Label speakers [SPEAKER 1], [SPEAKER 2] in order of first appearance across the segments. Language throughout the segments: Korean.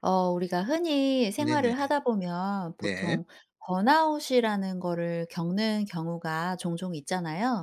[SPEAKER 1] 어 우리가 흔히
[SPEAKER 2] 네네.
[SPEAKER 1] 생활을 하다 보면
[SPEAKER 2] 네.
[SPEAKER 1] 보통 번아웃이라는 거를 겪는 경우가 종종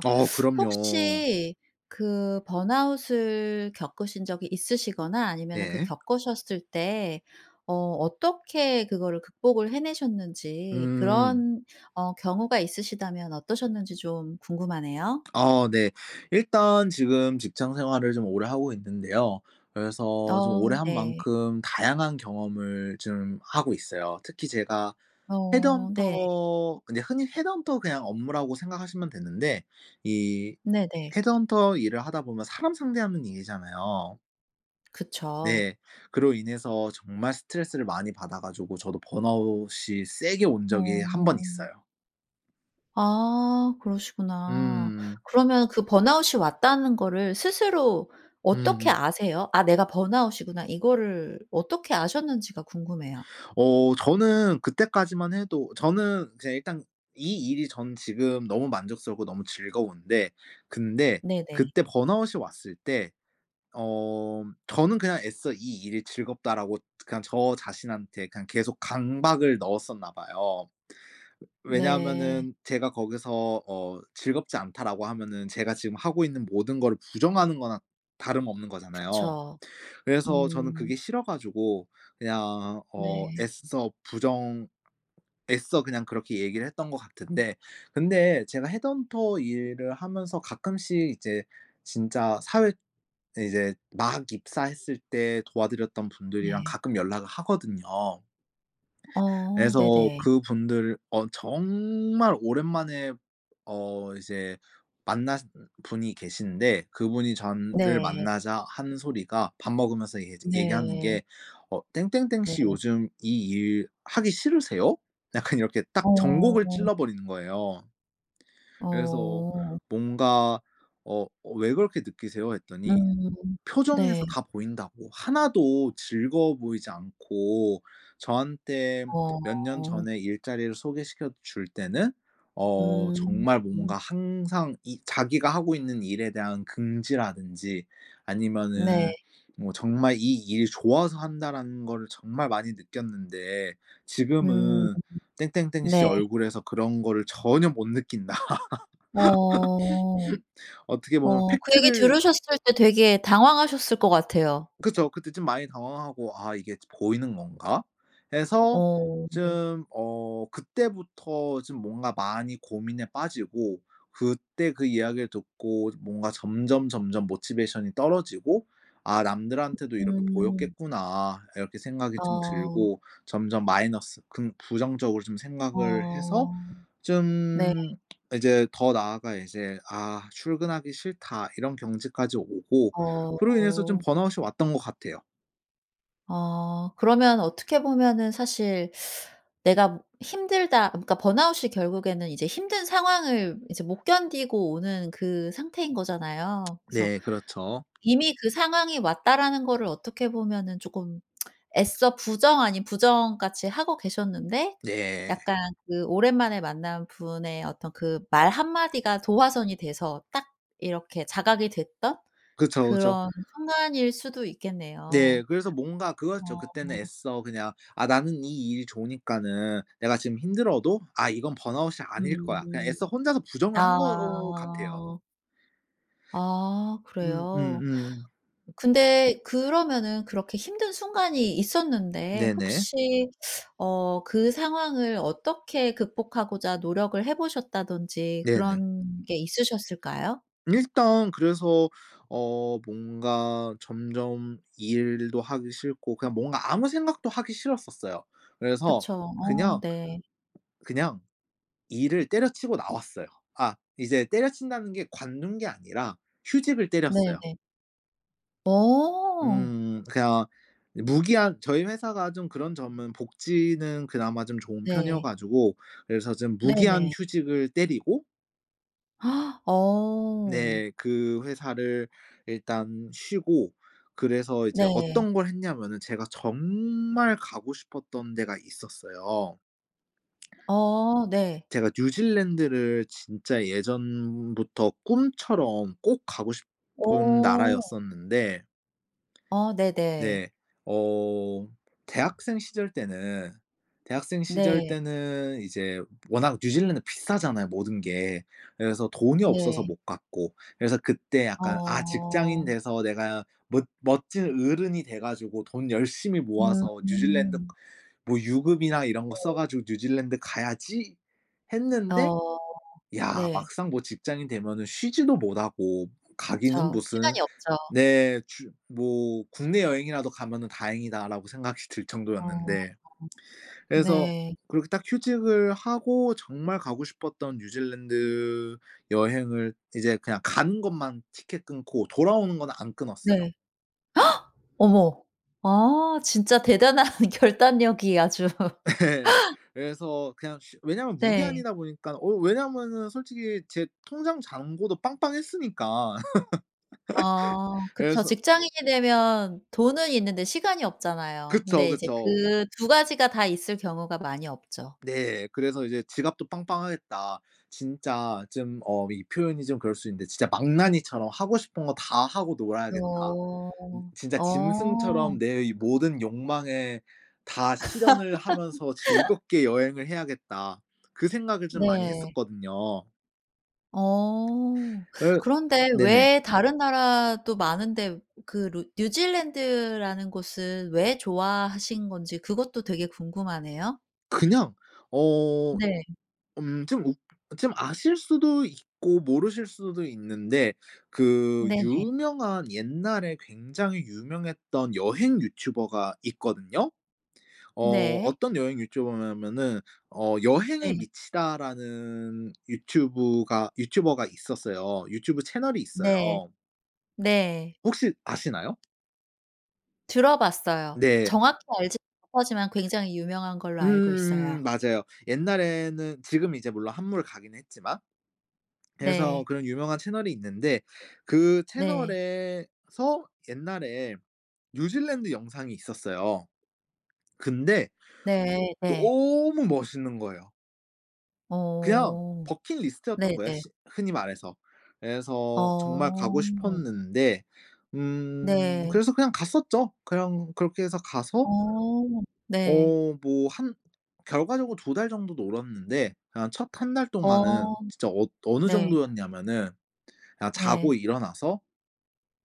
[SPEAKER 2] 어 그럼요.
[SPEAKER 1] 혹시 그 번아웃을 겪으신 적이 있으시거나 아니면은 그
[SPEAKER 2] 네.
[SPEAKER 1] 겪으셨을 때 어 어떻게 그거를 극복을 해내셨는지
[SPEAKER 2] 음.
[SPEAKER 1] 그런 어 경우가 있으시다면 어떠셨는지 좀 궁금하네요.
[SPEAKER 2] 어 네. 일단 지금 직장 생활을 좀 오래 하고 있는데요. 그래서 좀 오래
[SPEAKER 1] 어
[SPEAKER 2] 한
[SPEAKER 1] 네.
[SPEAKER 2] 만큼 다양한 경험을 좀 하고 있어요. 특히 제가
[SPEAKER 1] 어. 네.
[SPEAKER 2] 헤드헌터 근데 흔히 헤드헌터 그냥 업무라고 생각하시면 되는데 이
[SPEAKER 1] 네네.
[SPEAKER 2] 헤드헌터 일을 하다 보면 사람 상대하는 일이잖아요.
[SPEAKER 1] 그쵸.
[SPEAKER 2] 네. 그로 인해서 정말 스트레스를 많이 받아 가지고 저도 번아웃이 세게 온 적이 1 번
[SPEAKER 1] 어.
[SPEAKER 2] 있어요.
[SPEAKER 1] 아. 그러시구나.
[SPEAKER 2] 음.
[SPEAKER 1] 그러면 그 번아웃이 왔다는 거를 스스로 어떻게
[SPEAKER 2] 음.
[SPEAKER 1] 아세요? '아 내가 번아웃이구나.' 이거를 어떻게 아셨는지가 궁금해요.
[SPEAKER 2] 어 저는 그때까지만 해도 저는 그냥 일단 이 일이 전 지금 너무 만족스럽고 너무 즐거운데 근데
[SPEAKER 1] 네네.
[SPEAKER 2] 그때 번아웃이 왔을 때 어 저는 그냥 애써 '이 일이 즐겁다.'라고 그냥 저 자신한테 그냥 계속 강박을 넣었었나 봐요. 왜
[SPEAKER 1] 네.
[SPEAKER 2] 왜냐하면은 제가 거기서 어 '즐겁지 않다.'라고 하면은 제가 지금 하고 있는 모든 거를 부정하는 거나 다름없는 거잖아요.
[SPEAKER 1] 그쵸.
[SPEAKER 2] 그래서 저는
[SPEAKER 1] 음.
[SPEAKER 2] 그게 싫어 가지고 그냥 어
[SPEAKER 1] 네.
[SPEAKER 2] 애써 부정 애써 그냥 그렇게 얘기를 했던 것 같은데 근데 제가 헤드헌터 일을 하면서 가끔씩 이제 진짜 사회 이제 막 입사했을 때 도와드렸던 분들이랑
[SPEAKER 1] 네.
[SPEAKER 2] 가끔 연락을 하거든요.
[SPEAKER 1] 어.
[SPEAKER 2] 그래서
[SPEAKER 1] 네네.
[SPEAKER 2] 그분들 어 정말 오랜만에 어 이제 만나신 음 분이 계시는데 그분이 전을
[SPEAKER 1] 네.
[SPEAKER 2] 만나자 하는 소리가 밥 먹으면서 얘기하지 얘기하는
[SPEAKER 1] 네.
[SPEAKER 2] 게 어 "땡땡땡
[SPEAKER 1] 네.
[SPEAKER 2] 씨 요즘 이 일 하기 싫으세요?" 약간 이렇게 딱 정곡을
[SPEAKER 1] 어.
[SPEAKER 2] 찔러버리는 거예요. 그래서
[SPEAKER 1] 어.
[SPEAKER 2] 뭔가 어 어 "왜 그렇게 느끼세요?" 했더니
[SPEAKER 1] 음. 네.
[SPEAKER 2] "표정에서 다 보인다."고. "하나도 즐거워 보이지 않고 저한테 몇 년
[SPEAKER 1] 어.
[SPEAKER 2] 전에 일자리를 소개시켜줄 때는 어
[SPEAKER 1] 음.
[SPEAKER 2] 정말 뭔가 항상 이 자기가 하고 있는 일에 대한 긍지라든지 아니면은
[SPEAKER 1] 네.
[SPEAKER 2] 뭐 정말 이 일이 좋아서 한다라는 거를 정말 많이 느꼈는데
[SPEAKER 1] 음.
[SPEAKER 2] 지금은 땡땡땡 씨
[SPEAKER 1] 네.
[SPEAKER 2] 얼굴에서 그런 거를 전혀 못 느낀다."
[SPEAKER 1] 어.
[SPEAKER 2] 어떻게 보면
[SPEAKER 1] 어 그 얘기
[SPEAKER 2] 팩트를
[SPEAKER 1] 들으셨을 때 되게 당황하셨을 것 같아요.
[SPEAKER 2] 그쵸. 그때 좀 많이 당황하고 '아 이게 저 보이는 건가?' 해서
[SPEAKER 1] 어.
[SPEAKER 2] 좀 어 그때부터 좀 뭔가 많이 고민에 빠지고 그때 그 이야기를 듣고 뭔가 점점 점점 motivation이 떨어지고 '아 남들한테도 이렇게
[SPEAKER 1] 음.
[SPEAKER 2] 보였겠구나.' 이렇게 생각이 좀
[SPEAKER 1] 아.
[SPEAKER 2] 들고 점점 마이너스 긍 부정적으로 좀 생각을 해서
[SPEAKER 1] 아. 네.
[SPEAKER 2] 좀 이제 더 나아가 이제 '아. 출근하기 싫다.' 이런 경지까지 오고 그로 인해서 좀
[SPEAKER 1] 어.
[SPEAKER 2] 번아웃이 왔던 것 같아요.
[SPEAKER 1] 어 그러면 어떻게 보면은 사실 '내가 힘들다.' 그러니까 번아웃이 결국에는 이제 힘든 상황을 이제 못 견디고 오는 그 상태인 거잖아요. 그래서
[SPEAKER 2] 네 그렇죠.
[SPEAKER 1] 이미 그 상황이 왔다라는 거를 어떻게 보면은 조금 애써 부정 아닌 부정 같이 하고 계셨는데
[SPEAKER 2] 네.
[SPEAKER 1] 약간 그 오랜만에 만난 분의 어떤 그 말 1 마디가 도화선이 돼서 딱 이렇게 자각이 됐던
[SPEAKER 2] 그쵸, 그쵸.
[SPEAKER 1] 그런 순간일 수도
[SPEAKER 2] 네.
[SPEAKER 1] 있겠네요.
[SPEAKER 2] 그래서 뭔가 그거였죠.
[SPEAKER 1] 어.
[SPEAKER 2] 그때는 애써 그냥 '아 나는 이 일이 좋으니까는 내가 지금 힘들어도 아 이건 번아웃이 아닐 거야.' 그냥
[SPEAKER 1] 음.
[SPEAKER 2] 애써 혼자서 부정을 한 것 같아요.
[SPEAKER 1] 아. 아
[SPEAKER 2] 음 음
[SPEAKER 1] 그래요?
[SPEAKER 2] 음.
[SPEAKER 1] 근데 그러면은 그렇게 힘든 순간이 있었는데
[SPEAKER 2] 네네.
[SPEAKER 1] 혹시 어 그 상황을 어떻게 극복하고자 노력을 해 보셨다든지
[SPEAKER 2] 네네.
[SPEAKER 1] 그런 게 있으셨을까요?
[SPEAKER 2] 일단 그래서 어 뭔가 점점 일도 하기 싫고 그냥 뭔가 아무 생각도 하기 싫었었어요. 그래서
[SPEAKER 1] 그쵸. 어
[SPEAKER 2] 그냥
[SPEAKER 1] 네.
[SPEAKER 2] 그냥 일을 때려 치우고 나왔어요. 아 이제 때려 친다는 게 관둔 게 아니라 휴직을 때렸어요.
[SPEAKER 1] 네네. 어.
[SPEAKER 2] 음 그냥 이 무기한 저희 회사가 좀 그런 점은 복지는 그나마 좀 좋은 편이어
[SPEAKER 1] 네.
[SPEAKER 2] 가지고 그래서 좀 무기한
[SPEAKER 1] 네네.
[SPEAKER 2] 휴직을 때리고
[SPEAKER 1] 어.
[SPEAKER 2] 네. 그 회사를 일단 쉬고 그래서 이제
[SPEAKER 1] 네.
[SPEAKER 2] 어떤 걸 했냐면은 제가 정말 가고 싶었던 데가 있었어요.
[SPEAKER 1] 어 네.
[SPEAKER 2] 제가 뉴질랜드를 진짜 예전부터 꿈처럼 꼭 가고 싶은
[SPEAKER 1] 오.
[SPEAKER 2] 나라였었는데
[SPEAKER 1] 어 네네.
[SPEAKER 2] 네. 어 대학생 시절 때는 대학생 시절
[SPEAKER 1] 네.
[SPEAKER 2] 때는 이제 워낙 뉴질랜드 비싸잖아요, 모든 게. 그래서 돈이 없어서
[SPEAKER 1] 네.
[SPEAKER 2] 못 갔고. 그래서 그때 약간 '아 직장인
[SPEAKER 1] 어.
[SPEAKER 2] 돼서 내가 멋 멋진 어른이 돼 가지고 돈 열심히 모아서 뉴질랜드
[SPEAKER 1] 음.
[SPEAKER 2] 뭐 유급이나 이런 거 써
[SPEAKER 1] 네.
[SPEAKER 2] 가지고 뉴질랜드 가야지.' 했는데
[SPEAKER 1] 어
[SPEAKER 2] 야
[SPEAKER 1] 네.
[SPEAKER 2] 막상 뭐 직장인 되면은 쉬지도 못하고 가기는
[SPEAKER 1] 그쵸.
[SPEAKER 2] 무슨
[SPEAKER 1] 시간이 없죠.
[SPEAKER 2] 네. 주 뭐 '국내 여행이라도 가면은 다행이다,'라고 생각이 들
[SPEAKER 1] 어
[SPEAKER 2] 정도였는데, 그래서
[SPEAKER 1] 네.
[SPEAKER 2] 그렇게 딱 휴직을 하고 정말 가고 싶었던 뉴질랜드 여행을 이제 그냥 가는 것만 티켓 끊고 돌아오는 거는 안 끊었어요.
[SPEAKER 1] 네. 어머. 아 진짜 대단한 결단력이 아주
[SPEAKER 2] 예. 그래서 그냥 쉬 왜냐면
[SPEAKER 1] 네.
[SPEAKER 2] 무기한이다 보니깐 어 왜냐면은 솔직히 제 통장 잔고도 빵빵했으니까.
[SPEAKER 1] 아 그쵸.
[SPEAKER 2] 그래서
[SPEAKER 1] 직장인이 되면 돈은 있는데 시간이 없잖아요.
[SPEAKER 2] 그쵸
[SPEAKER 1] 근데 이제
[SPEAKER 2] 그쵸.
[SPEAKER 1] 그 2 가지가 다 있을 경우가 많이 없죠.
[SPEAKER 2] 네. 그래서 이제 지갑도 빵빵하겠다. 진짜 좀 어 이 표현이 좀 그럴 수 있는데 '진짜 망나니처럼 하고 싶은 거 다 하고 놀아야겠다.' 음
[SPEAKER 1] 어.
[SPEAKER 2] '진짜
[SPEAKER 1] 어.
[SPEAKER 2] 짐승처럼 내 이 모든 욕망에 다 실현을 하면서 즐겁게 여행을 해야겠다.' 그 생각을 좀 많이
[SPEAKER 1] 네.
[SPEAKER 2] 했었거든요.
[SPEAKER 1] 어.
[SPEAKER 2] 으
[SPEAKER 1] 그런데
[SPEAKER 2] 네네.
[SPEAKER 1] 왜 다른 나라도 많은데 그 루 뉴질랜드라는 곳을 왜 좋아하신 건지 그것도 되게 궁금하네요.
[SPEAKER 2] 그냥 어
[SPEAKER 1] 네.
[SPEAKER 2] 음 좀 웃 좀 아실 수도 있고 모르실 수도 있는데 그
[SPEAKER 1] 네네.
[SPEAKER 2] 유명한 옛날에 굉장히 유명했던 여행 유튜버가 있거든요. 어
[SPEAKER 1] 네.
[SPEAKER 2] 어떤 여행 유튜버냐면은 어 여행에
[SPEAKER 1] 네.
[SPEAKER 2] 미치다라는 유튜브가 유튜버가 있었어요. 유튜브 채널이
[SPEAKER 1] 네.
[SPEAKER 2] 있어요.
[SPEAKER 1] 네.
[SPEAKER 2] 혹시 아시나요?
[SPEAKER 1] 들어봤어요.
[SPEAKER 2] 네.
[SPEAKER 1] 정확히 알지는 못하지만 굉장히 유명한 걸로 알고
[SPEAKER 2] 음
[SPEAKER 1] 있어요.
[SPEAKER 2] 맞아요. 옛날에는 지금 이제 물론 한물가기는 했지만 그래서
[SPEAKER 1] 네.
[SPEAKER 2] 그런 유명한 채널이 있는데 그
[SPEAKER 1] 네.
[SPEAKER 2] 채널에서 옛날에 뉴질랜드 영상이 있었어요. 근데
[SPEAKER 1] 네. 네.
[SPEAKER 2] 너무 멋있는 거예요. 그냥
[SPEAKER 1] 오.
[SPEAKER 2] 버킷 리스트였던 거예요,
[SPEAKER 1] 네네.
[SPEAKER 2] 시 흔히 말해서. 그래서 정말 가고
[SPEAKER 1] 어.
[SPEAKER 2] 싶었는데 음
[SPEAKER 1] 네.
[SPEAKER 2] 그래서 그냥 갔었죠. 그냥 그렇게 해서 가서
[SPEAKER 1] 어. 네.
[SPEAKER 2] 어 뭐 한 결과적으로 2 달 정도 놀았는데 그냥 첫 1 달 동안은
[SPEAKER 1] 어.
[SPEAKER 2] 진짜 어 어느
[SPEAKER 1] 네.
[SPEAKER 2] 정도였냐면은 그냥 자고
[SPEAKER 1] 네.
[SPEAKER 2] 일어나서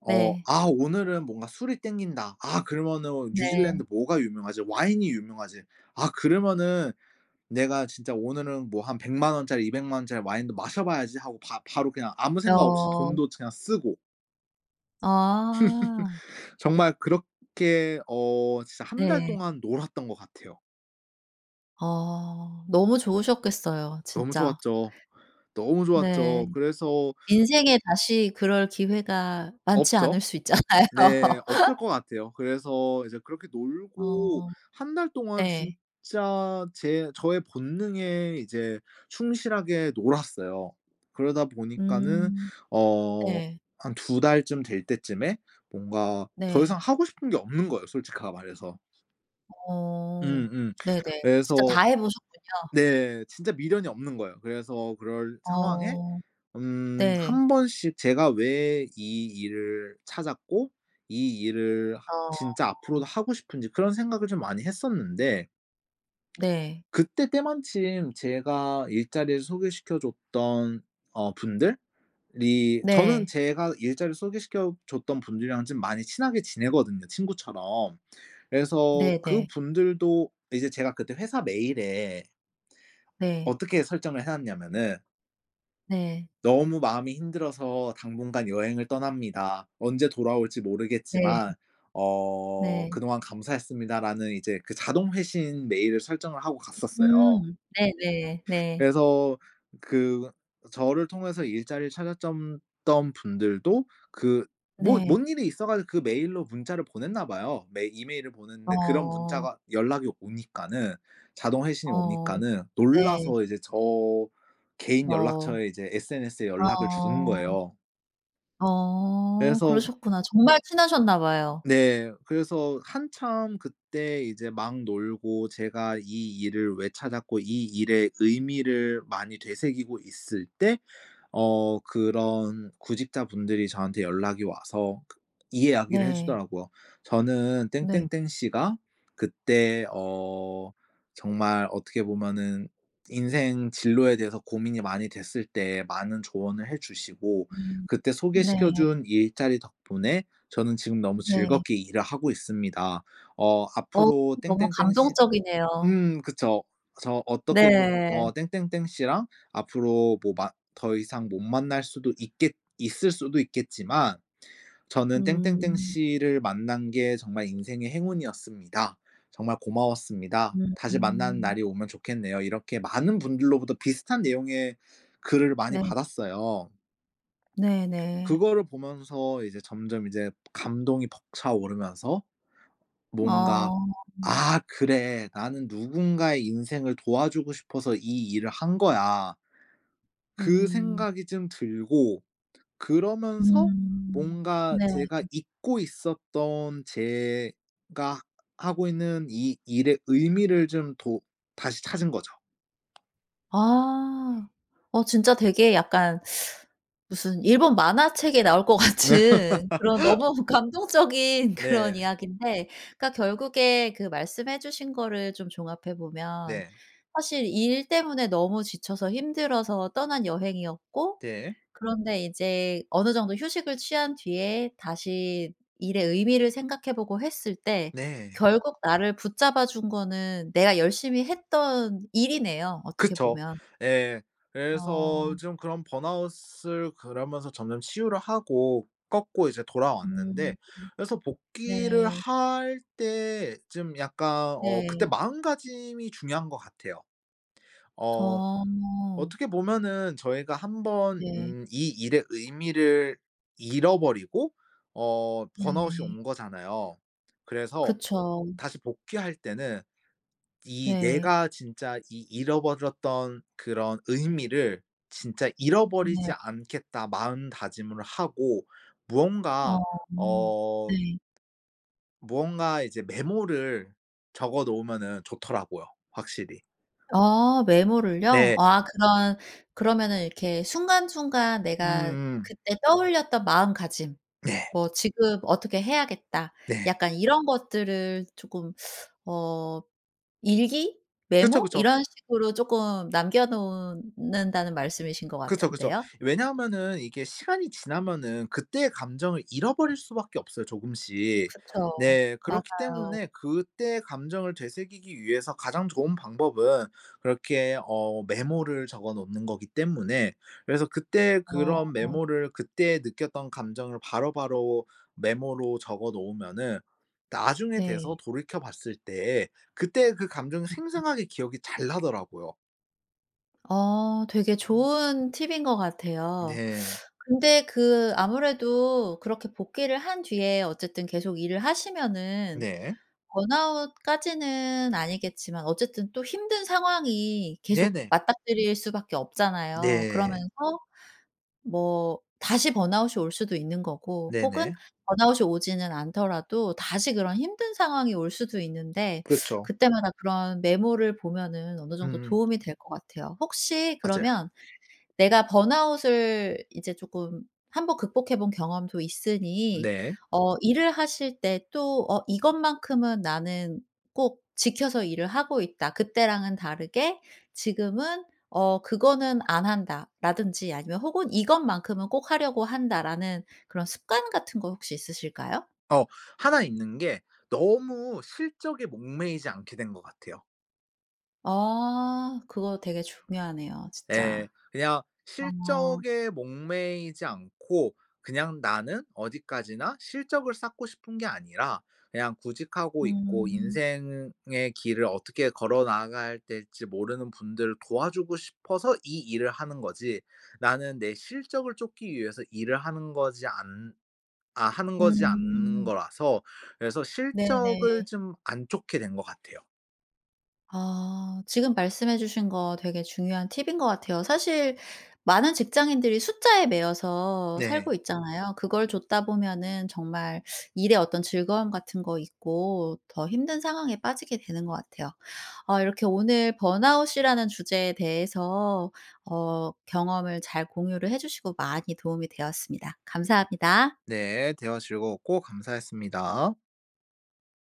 [SPEAKER 2] 어
[SPEAKER 1] 네.
[SPEAKER 2] '아 오늘은 뭔가 술이 땡긴다. 아 그러면은
[SPEAKER 1] 네.
[SPEAKER 2] 뉴질랜드 뭐가 유명하지? 와인이 유명하지. 아 그러면은 내가 진짜 오늘은 뭐 한 1,000,000 원짜리 2,000,000 원짜리 와인도 마셔봐야지.' 하고 바 바로 그냥 아무 생각 없이
[SPEAKER 1] 어.
[SPEAKER 2] 돈도 그냥 쓰고
[SPEAKER 1] 아.
[SPEAKER 2] 정말 그렇게 어 진짜 1 달
[SPEAKER 1] 네.
[SPEAKER 2] 동안 놀았던 것 같아요.
[SPEAKER 1] 어. 너무 좋으셨겠어요,
[SPEAKER 2] 너무
[SPEAKER 1] 진짜.
[SPEAKER 2] 좋았죠. 너무
[SPEAKER 1] 네.
[SPEAKER 2] 좋았죠. 그래서
[SPEAKER 1] 인생에 다시 그럴 기회가 많지
[SPEAKER 2] 없죠.
[SPEAKER 1] 않을 수 있잖아요.
[SPEAKER 2] 네. 없을 것 같아요. 그래서 이제 그렇게 놀고
[SPEAKER 1] 어.
[SPEAKER 2] 1 달 동안
[SPEAKER 1] 네.
[SPEAKER 2] 진짜 제 저의 본능에 이제 충실하게 놀았어요. 그러다 보니까는
[SPEAKER 1] 음.
[SPEAKER 2] 어
[SPEAKER 1] 네.
[SPEAKER 2] 한 2 달쯤 될 때쯤에 뭔가 더
[SPEAKER 1] 네.
[SPEAKER 2] 이상 하고 싶은 게 없는 거예요, 솔직하게 말해서.
[SPEAKER 1] 어.
[SPEAKER 2] 음 음.
[SPEAKER 1] 네네. 진짜
[SPEAKER 2] 그래서
[SPEAKER 1] 다 해 보셨군요.
[SPEAKER 2] 네. 진짜 미련이 없는 거예요. 그래서 그럴 상황에
[SPEAKER 1] 어.
[SPEAKER 2] 음
[SPEAKER 1] 네.
[SPEAKER 2] 1 번씩 제가 '왜 이 일을 찾았고 이 일을 하
[SPEAKER 1] 어.
[SPEAKER 2] 진짜 앞으로도 하고 싶은지.' 그런 생각을 좀 많이 했었는데
[SPEAKER 1] 네.
[SPEAKER 2] 그때 때마침 제가 일자리를 소개시켜 줬던 어 분들이 저는
[SPEAKER 1] 네.
[SPEAKER 2] 제가 일자리를 소개시켜 줬던 분들이랑 좀 많이 친하게 지내거든요, 친구처럼. 그래서
[SPEAKER 1] 네네.
[SPEAKER 2] 그분들도 이제 제가 그때 회사 메일에
[SPEAKER 1] 네.
[SPEAKER 2] 어떻게 설정을 해 놨냐면은
[SPEAKER 1] 네.
[SPEAKER 2] "너무 마음이 힘들어서 당분간 여행을 떠납니다. 언제 돌아올지
[SPEAKER 1] 네.
[SPEAKER 2] 모르겠지만 어
[SPEAKER 1] 네.
[SPEAKER 2] 그동안 감사했습니다."라는 이제 그 자동 회신 메일을 설정을 하고 갔었어요.
[SPEAKER 1] 음. 네네. 네.
[SPEAKER 2] 그래서 그 저를 통해서 일자리를 찾았전 던 분들도 그 뭐
[SPEAKER 1] 네.
[SPEAKER 2] 뭔 일이 있어 가지고 그 메일로 문자를 보냈나 봐요. 메 이메일을 보냈는데 그런
[SPEAKER 1] 어.
[SPEAKER 2] 문자가 연락이 오니까는 자동 회신이
[SPEAKER 1] 어.
[SPEAKER 2] 오니까는
[SPEAKER 1] 네.
[SPEAKER 2] 놀라서 이제 저 개인
[SPEAKER 1] 어.
[SPEAKER 2] 연락처에 이제 SNS에 연락을 주는
[SPEAKER 1] 어.
[SPEAKER 2] 거예요.
[SPEAKER 1] 어.
[SPEAKER 2] 그래서
[SPEAKER 1] 그러셨구나. 정말 친하셨나 봐요.
[SPEAKER 2] 네. 그래서 한참 그때 이제 막 놀고 제가 이 일을 왜 찾았고 이 일의 의미를 많이 되새기고 있을 때 어 그런 구직자분들이 저한테 연락이 와서 그 이 이야기를
[SPEAKER 1] 네.
[SPEAKER 2] 해주더라고요. "저는
[SPEAKER 1] 네.
[SPEAKER 2] 땡땡땡 씨가 그때 어 정말 어떻게 보면은 인생 진로에 대해서 고민이 많이 됐을 때 많은 조언을 해
[SPEAKER 1] 음
[SPEAKER 2] 주시고
[SPEAKER 1] 음.
[SPEAKER 2] 그때
[SPEAKER 1] 네.
[SPEAKER 2] 소개시켜 준 일자리 덕분에 저는 지금 너무
[SPEAKER 1] 네.
[SPEAKER 2] 즐겁게 일을 하고 있습니다." 어
[SPEAKER 1] 어
[SPEAKER 2] "앞으로
[SPEAKER 1] 너무
[SPEAKER 2] 땡땡땡 씨"
[SPEAKER 1] 감동적이네요.
[SPEAKER 2] 음 그쵸. 저 어떻게 보
[SPEAKER 1] 네.
[SPEAKER 2] 어, "땡땡땡 씨랑 앞으로 뭐 만 더 이상 못 만날 수도 있겠 있을 수도 있겠지만 저는 땡땡땡
[SPEAKER 1] 음.
[SPEAKER 2] 씨를 만난 게 정말 인생의 행운이었습니다. 정말 고마웠습니다. 다시 만나는
[SPEAKER 1] 음.
[SPEAKER 2] 날이 오면 좋겠네요." 이렇게 많은 분들로부터 비슷한 내용의 글을 많이
[SPEAKER 1] 네.
[SPEAKER 2] 받았어요.
[SPEAKER 1] 네네.
[SPEAKER 2] 그거를 보면서 이제 점점 이제 감동이 벅차오르면서 뭔가
[SPEAKER 1] 어.
[SPEAKER 2] '아 그래. 나는 누군가의 인생을 도와주고 싶어서 이 일을 한 거야.' 그
[SPEAKER 1] 음.
[SPEAKER 2] 생각이 좀 들고 그러면서
[SPEAKER 1] 음.
[SPEAKER 2] 뭔가
[SPEAKER 1] 네.
[SPEAKER 2] 제가 잊고 있었던 제가 하고 있는 이 일의 의미를 좀 도 다시 찾은 거죠.
[SPEAKER 1] 아. 어 진짜 되게 약간 무슨 일본 만화책에 나올 것 같은 그런 너무 감동적인 그런
[SPEAKER 2] 네.
[SPEAKER 1] 이야기인데 그러니까 결국에 그 말씀해 주신 거를 좀 종합해 보면
[SPEAKER 2] 네.
[SPEAKER 1] 사실 일 때문에 너무 지쳐서 힘들어서 떠난 여행이었고
[SPEAKER 2] 네.
[SPEAKER 1] 그런데 이제 어느 정도 휴식을 취한 뒤에 다시 일의 의미를 생각해보고 했을 때
[SPEAKER 2] 네.
[SPEAKER 1] 결국 나를 붙잡아 준 거는 내가 열심히 했던 일이네요 어떻게
[SPEAKER 2] 그쵸.
[SPEAKER 1] 보면.
[SPEAKER 2] 예. 그래서
[SPEAKER 1] 어.
[SPEAKER 2] 좀 그런 burnout을 그러면서 점점 치유를 하고 꺾고 이제
[SPEAKER 1] 음.
[SPEAKER 2] 돌아왔는데 그래서 복귀를
[SPEAKER 1] 네.
[SPEAKER 2] 할 때 좀 약간 어 그때
[SPEAKER 1] 네.
[SPEAKER 2] 마음가짐이 중요한 것 같아요. 어
[SPEAKER 1] 어.
[SPEAKER 2] 어떻게 보면은 저희가 한번
[SPEAKER 1] 네.
[SPEAKER 2] 음 이 일의 의미를 잃어버리고 어 burnout이
[SPEAKER 1] 네.
[SPEAKER 2] 온 거잖아요. 그래서
[SPEAKER 1] 그쵸.
[SPEAKER 2] 다시 복귀할 때는 '이
[SPEAKER 1] 네.
[SPEAKER 2] 내가 진짜 이 잃어버렸던 그런 의미를 진짜
[SPEAKER 1] 네.
[SPEAKER 2] 잃어버리지 않겠다.' 마음 다짐을 하고
[SPEAKER 1] 어
[SPEAKER 2] 무언가 어
[SPEAKER 1] 네.
[SPEAKER 2] 무언가 이제 메모를 적어 놓으면은 좋더라고요 확실히.
[SPEAKER 1] 아 메모를요?
[SPEAKER 2] 네.
[SPEAKER 1] 아 그런 그러면은 이렇게 순간 순간 내가
[SPEAKER 2] 음음.
[SPEAKER 1] 그때 떠올렸던 마음가짐
[SPEAKER 2] 네.
[SPEAKER 1] 뭐 '지금 어떻게 해야겠다.'
[SPEAKER 2] 네.
[SPEAKER 1] 약간 이런 것들을 조금 어 일기?
[SPEAKER 2] 그쵸
[SPEAKER 1] 메모?
[SPEAKER 2] 그쵸.
[SPEAKER 1] 이런 식으로 쪼끔 남겨 놓은 는다는 말씀이신 것
[SPEAKER 2] 그쵸 그쵸.
[SPEAKER 1] 같은데요?
[SPEAKER 2] 왜냐하면은 이게 시간이 지나면은 그때의 감정을 잃어버릴 수밖에 없어요 조금씩.
[SPEAKER 1] 그쵸.
[SPEAKER 2] 네. 그렇기
[SPEAKER 1] 맞아요.
[SPEAKER 2] 때문에 그때의 감정을 되새기기 위해서 가장 좋은 방법은 그렇게 어 메모를 적어 놓는 거기 때문에 그래서 그때 그런
[SPEAKER 1] 어.
[SPEAKER 2] 메모를 그때 느꼈던 감정을 바로바로 메모로 적어 놓으면은 나중에
[SPEAKER 1] 네.
[SPEAKER 2] 돼서 돌이켜 봤을 때에 그때 그 감정이 생생하게 기억이 잘 나더라고요.
[SPEAKER 1] 아 되게 좋은 팁것 같아요.
[SPEAKER 2] 네.
[SPEAKER 1] 근데 그 아무래도 그렇게 복귀를 한 뒤에 어쨌든 계속 일을 하시면은
[SPEAKER 2] 네.
[SPEAKER 1] 번아웃까지는 아니겠지만 어쨌든 또 힘든 상황이 계속
[SPEAKER 2] 네네.
[SPEAKER 1] 맞닥뜨릴 수밖에 없잖아요.
[SPEAKER 2] 네.
[SPEAKER 1] 그러면서 뭐 다시 번아웃이 올 수도 있는 거고 혹은
[SPEAKER 2] 네네.
[SPEAKER 1] 번아웃이 오지는 않더라도 다시 그런 힘든 상황이 올 수도 있는데
[SPEAKER 2] 그쵸.
[SPEAKER 1] 그 때마다 그런 메모를 보면은 어느 정도
[SPEAKER 2] 음음.
[SPEAKER 1] 도움이 될 것 같아요. 혹시
[SPEAKER 2] 맞아요.
[SPEAKER 1] 그러면 내가 번아웃을 이제 조금 1 번 극복해 본 경험도 있으니
[SPEAKER 2] 네.
[SPEAKER 1] 어 일을 하실 때 또 어 "이것만큼은 나는 꼭 지켜서 일을 하고 있다.", "그때랑은 다르게 지금은 어 그거는 안 한다."라든지 아니면 혹은 "이것만큼은 꼭 하려고 한다."라는 그런 습관 같은 거 혹시 있으실까요?
[SPEAKER 2] 어 1 있는 게 너무 실적에 목매이지 않게 된 것 같아요.
[SPEAKER 1] 아. 그거 되게 중요하네요
[SPEAKER 2] 예.
[SPEAKER 1] 진짜.
[SPEAKER 2] 그냥
[SPEAKER 1] 아.
[SPEAKER 2] 실적에 목매이지 않고 그냥 나는 어디까지나 실적을 쌓고 싶은 게 아니라 그냥 구직하고 있고
[SPEAKER 1] 음.
[SPEAKER 2] 인생의 의 길을 어떻게 걸어 나가야 될지 모르는 분들을 도와주고 싶어서 이 일을 하는 거지, 나는 내 실적을 쫓기 위해서 일을 하는 거지 않 아 하는 거지 않는
[SPEAKER 1] 음.
[SPEAKER 2] 거라서 그래서 실적을
[SPEAKER 1] 네네.
[SPEAKER 2] 좀 안 쫓게 된 것 같아요.
[SPEAKER 1] 아. 지금 말씀해 주신 거 되게 중요한 팁인 것 같아요. 사실 많은 직장인들이 숫자에 매여서
[SPEAKER 2] 네.
[SPEAKER 1] 살고 있잖아요. 그걸 좇다 보면은 정말 일의 어떤 즐거움 같은 거 잊고 더 힘든 상황에 빠지게 되는 것 같아요. 어 이렇게 오늘 번아웃이라는 주제에 대해서 어 경험을 잘 공유를 해 주시고 많이 도움이 되었습니다. 감사합니다.
[SPEAKER 2] 네. 대화 즐거웠고 감사했습니다.